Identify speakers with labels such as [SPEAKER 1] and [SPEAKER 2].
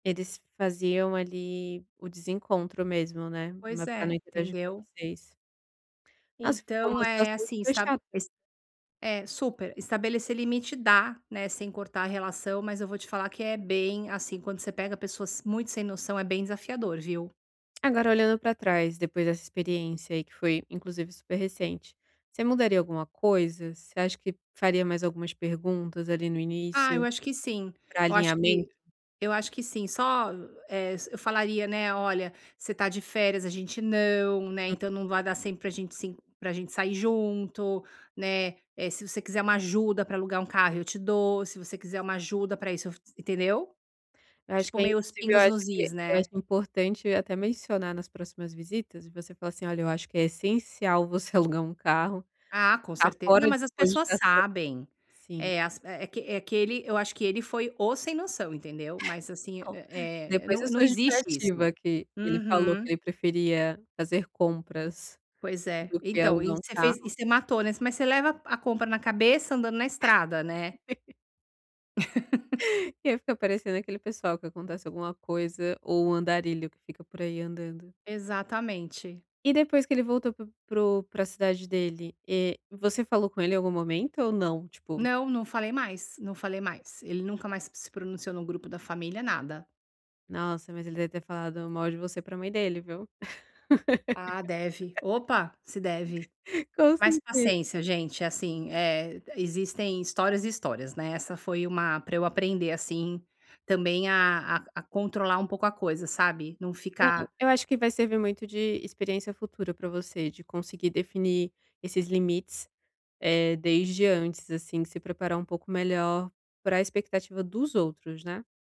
[SPEAKER 1] Eles faziam, ali, o desencontro mesmo, né.
[SPEAKER 2] Pois
[SPEAKER 1] Ma para não
[SPEAKER 2] é,
[SPEAKER 1] interagir com
[SPEAKER 2] entendeu.
[SPEAKER 1] vocês. Nossa, ficou
[SPEAKER 2] Então,
[SPEAKER 1] uma
[SPEAKER 2] eh,
[SPEAKER 1] situação
[SPEAKER 2] assim,
[SPEAKER 1] super
[SPEAKER 2] está
[SPEAKER 1] chata.
[SPEAKER 2] es é, super, estabelecer limite dá, né, sem cortar relação, mas eu vou te falar que é bem, assim, quando você pega pessoas muito sem noção, é bem desafiador, viu.
[SPEAKER 1] Agora olhando para trás, depois dessa experiência aí, que foi inclusive super recente. Você mudaria alguma coisa? Você acha que faria mais algumas perguntas, ali, no
[SPEAKER 2] Ah, eu
[SPEAKER 1] início
[SPEAKER 2] acho que sim,
[SPEAKER 1] pra
[SPEAKER 2] eu acho que
[SPEAKER 1] alinhamento?
[SPEAKER 2] eu acho que sim, só, eh, eu falaria, né: "Olha, você está de férias, a gente não, né,
[SPEAKER 1] Hum.
[SPEAKER 2] então não vai dar sempre para gente sim para gente sair junto, né. Eh, se você quiser uma ajuda para alugar um carro eu te dou, se você quiser uma ajuda para isso" entendeu?
[SPEAKER 1] Eu acho
[SPEAKER 2] Tipo,
[SPEAKER 1] que é
[SPEAKER 2] meio os
[SPEAKER 1] inclusive eu
[SPEAKER 2] pingos
[SPEAKER 1] acho
[SPEAKER 2] nos is,
[SPEAKER 1] que eu acho
[SPEAKER 2] né.
[SPEAKER 1] importante até mencionar nas próximas visitas, e você fala assim: "Olha, eu acho que é essencial você alugar um carro.
[SPEAKER 2] Ah, com
[SPEAKER 1] Está
[SPEAKER 2] certe não,
[SPEAKER 1] fora de
[SPEAKER 2] mas as pessoas
[SPEAKER 1] cogitação"
[SPEAKER 2] sabem.
[SPEAKER 1] Sim.
[SPEAKER 2] É, as é que é que ele eu acho que ele foi o sem noção, entendeu. Mas assim, hã,
[SPEAKER 1] Não,
[SPEAKER 2] eh,
[SPEAKER 1] depois
[SPEAKER 2] não
[SPEAKER 1] dessa
[SPEAKER 2] não existe isso.
[SPEAKER 1] justificativa que ele falou que
[SPEAKER 2] Uhum.
[SPEAKER 1] ele preferia fazer compras
[SPEAKER 2] Pois é.
[SPEAKER 1] do que
[SPEAKER 2] Então, e
[SPEAKER 1] alugar um
[SPEAKER 2] você fez e
[SPEAKER 1] carro.
[SPEAKER 2] você matou, né, "mas você leva a compra na cabeça andando na estrada, né".
[SPEAKER 1] E aí fica parecendo aquele pessoal que acontece alguma coisa, ou um andarilho que fica por aí andando.
[SPEAKER 2] Exatamente.
[SPEAKER 1] E depois que ele voltou para o para a cidade dele, eh, você falou com ele em algum momento ou não? Tipo
[SPEAKER 2] Não, não falei mais, não falei mais, ele nunca mais se pronunciou no grupo da família, nada.
[SPEAKER 1] Nossa, mas ele deve ter falado mal de você para mãe dele, viu.
[SPEAKER 2] Ah, deve, opa, se deve.
[SPEAKER 1] Com
[SPEAKER 2] Mas
[SPEAKER 1] certeza.
[SPEAKER 2] paciência, gente, assim, eh, existem histórias e histórias, né, essa foi um para eu aprender, assim, também a a a controlar um pouco a coisa, sabe. Não
[SPEAKER 1] É,
[SPEAKER 2] ficar
[SPEAKER 1] eu acho que vai servir muito de experiência futura para você, de conseguir definir esses limites, eh, desde antes, assim, se preparar um pouco melhor para expectativa dos outros, né.